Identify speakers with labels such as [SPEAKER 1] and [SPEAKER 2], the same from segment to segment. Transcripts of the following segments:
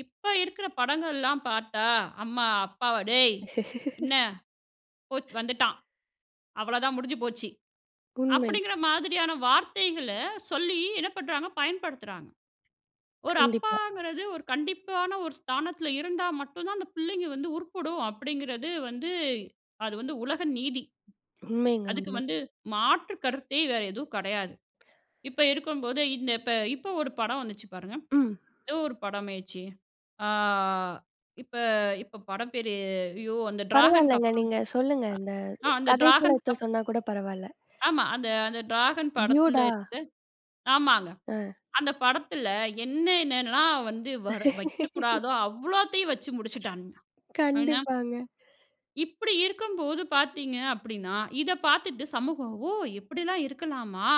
[SPEAKER 1] இப்ப இருக்குற படங்கள்லாம் பார்த்தா, "அம்மா, அப்பாவ டேய் என்ன? போச்சி வந்துட்டான், அவ்ள தான். முடிஞ்சு போச்சு."
[SPEAKER 2] உண்மை.
[SPEAKER 1] அப்படிங்கற மாதிரியான வார்த்தைகள சொல்லி என்ன பண்றாங்க? பயன்படுத்துறாங்க. ஒரு
[SPEAKER 2] கண்டிப்பா.
[SPEAKER 1] அப்பாங்கிறது, ஒரு கண்டிப்பான ஒரு ஸ்தானத்துல இருந்தா மட்டும் தான் அந்தப் பிள்ளைங்க வந்து உருப்புடும் அப்டிங்கறது வந்து அது வந்து உலக நீதி.
[SPEAKER 2] உண்மைங்க,
[SPEAKER 1] அதுக்கு
[SPEAKER 2] உண்மை.
[SPEAKER 1] வந்து மாற்றுக்கருத்தே வேற எதுவும் கிடையாது. இப்ப இருக்கும்போதே, இந்த இப்ப இப்ப ஒரு படம் வந்துச்சு பாருங்க.
[SPEAKER 2] ம்.
[SPEAKER 1] ஏதோ ஒரு படம்மைச்சே. ஆ. இப்ப இப்ப படம் பேரு. அய்யோ! அந்த ட்ராகன்
[SPEAKER 2] பரவால்லங்க.
[SPEAKER 1] அப்றம்.
[SPEAKER 2] நீங்க சொல்லுங்க. இந்த
[SPEAKER 1] அ, அந்த ட்ராகன்
[SPEAKER 2] கதைக்களத்த
[SPEAKER 1] அப்
[SPEAKER 2] சொன்னாக்கூட பரவால்ல.
[SPEAKER 1] ஆமா. அந்த அந்த ட்ராகன் படத்துல
[SPEAKER 2] ட்யூடா.
[SPEAKER 1] இருந்து ஆமாங்க.
[SPEAKER 2] ஆ.
[SPEAKER 1] அந்த படத்துல என்ன என்னலாம் வந்து வர வைக்கக்கூடாதோ அவ்ளோத்தையும் வச்சு முடிச்சிட்டான்னுங்க. ஆனா
[SPEAKER 2] கண்டிப்பாங்க.
[SPEAKER 1] இப்டி இருக்கும்போது பாத்தீங்க அப்டின்னா, இத பாத்துட்டு சமூகம், "ஓ! இப்படில்லாம் இருக்கலாமா?"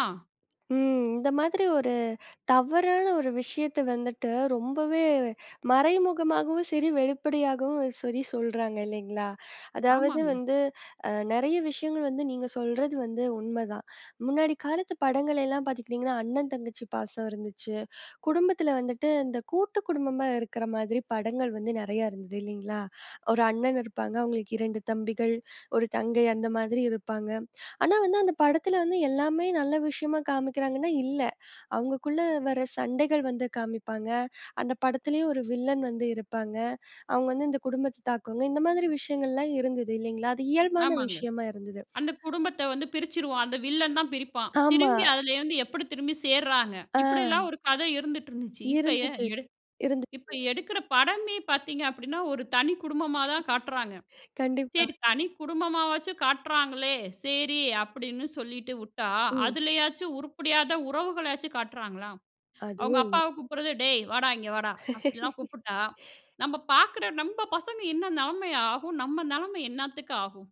[SPEAKER 2] ம். இந்த மாதிரி ஒரு தவறான ஒரு விஷயத்த வந்துட்டு, ரொம்பவே மறைமுகமாகவும் சரி, வெளிப்படையாகவும் சரி சொல்றாங்க இல்லைங்களா? அதாவது
[SPEAKER 1] ஆமாங்க.
[SPEAKER 2] வந்து அ, நெறைய விஷயங்கள் வந்து நீங்க சொல்றது வந்து உண்மதான். முன்னாடி காலத்து படங்கள் எல்லாம் பாத்துக்கிட்டீங்கன்னா, அண்ணன், தங்கச்சி பாசம் இருந்துச்சு. குடும்பத்துல வந்துட்டு, இந்த கூட்டுக் குடும்பமா இருக்கிற மாதிரி படங்கள் வந்து நெறையா இருந்து இல்லைங்களா? 1 அண்ணன் இருப்பாங்க. அவங்களுக்கு 2 தம்பிகள், 1 தங்கை அந்த மாதிரி இருப்பாங்க. ஆனா, வந்து அந்த படத்துல வந்து எல்லாமே நல்ல விஷயமா காமிக்கிறாங்கன்னா, இல்ல. அவங்களுக்குள்ள வர சண்டைகள் வந்து காமிப்பாங்க. அந்த படத்துலயும் 1 வில்லன் வந்து இருப்பாங்க. அவங்க வந்து இந்த குடும்பத்த தாக்குவாங்க. இந்த மாதிரி விஷயங்கள்லா இருந்தது இல்லைங்களா? அது இயல்பான
[SPEAKER 1] ஆமாங்க.
[SPEAKER 2] விஷயமா இருந்தது.
[SPEAKER 1] அந்த குடும்பத்த வந்து பிரிச்சிருவான். அந்த வில்லன் தான் பிரிப்பான்.
[SPEAKER 2] ஆமா.
[SPEAKER 1] திரும்பி அதுலேருந்து எப்டி திரும்பி சேர்றாங்க.
[SPEAKER 2] ஆ.
[SPEAKER 1] இப்டிலாம் ஒரு கதை இருந்துட்டு இருந்துச்சு. இப்ப எ
[SPEAKER 2] இருந்தது,
[SPEAKER 1] எடு இப்ப
[SPEAKER 2] இருந்தது.
[SPEAKER 1] எடுக்குற படமே பாத்தீங்கன்னா, ஒரு தனி குடும்பமா தான் காட்டுறாங்க.
[SPEAKER 2] கண்டிப்பா.
[SPEAKER 1] சரி தனி குடும்பமா வச்சு காட்டுறாங்களே, சரி அப்டின்னு சொல்லிட்டு உட்டா
[SPEAKER 2] ம்.
[SPEAKER 1] அதுலயாச்சும் உருப்படியான உறவுகளாச்சு காட்டுறாங்களா?
[SPEAKER 2] அதுவு
[SPEAKER 1] அவங்க
[SPEAKER 2] இல்
[SPEAKER 1] அப்பாவ கூப்பிடுறது, "டேய் வாடா, இங்க வாடா. அப்படிலாம் கூப்புட்டா!" நம்ம பாக்குற நம்ம பசங்க என்ன நிலைமையாகும்? நம்ம நிலைமை என்னத்துக்கு ஆகும்?